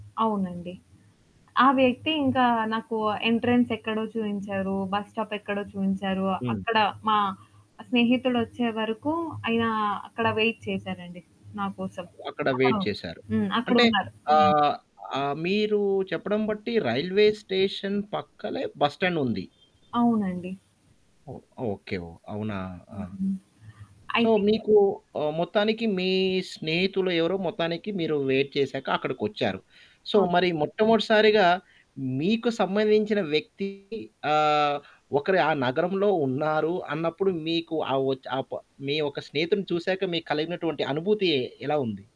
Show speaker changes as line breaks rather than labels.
అవునండి. ఆ వ్యక్తి ఇంకా నాకు ఎంట్రన్స్ ఎక్కడో చూయించారు, బస్ స్టాప్ ఎక్కడో చూయించారు.
హ్మ్.
అక్కడ మా స్నేహితుడొచ్చే వరకు ఆయన అక్కడ వెయిట్ చేసారండి నాకోసం.
అ అక్కడ వెయిట్
అక్కడో
చేసారు.
హ్మ్. అక్కడ
అంటే
ఉన్నారు. హ్మ్.
ఆహ్, ఆహ్, మీరు చెప్పడం బట్టి రైల్వే స్టేషన్ పక్కలే బస్ స్టాండుంది.
అవునండి.
ఓహ్! ఓకే. ఓహ్! అవునా! ఆ!
హుహు. ఐ
సో,
థింక్
మీకు ఆహ్, మొత్తానికి మీ స్నేహితులు ఎవరో మొత్తానికి మీరు వెయిట్ చేసాక అక్కడికొచ్చారు. So,
okay.
మరి మొట్టమొదటిసారిగా, మీకు సంబంధించిన వ్యక్తి ఆహ్, ఒకరు ఆ నగరంలో ఉన్నారు అన్నప్పుడు, మీకు ఆ ఒచ్ ఆపా మీ ఒక్క స్నేహితుడిని చూసాక మీకు కలిగినటువంటి అనుభూతి ఎలా ఉంది?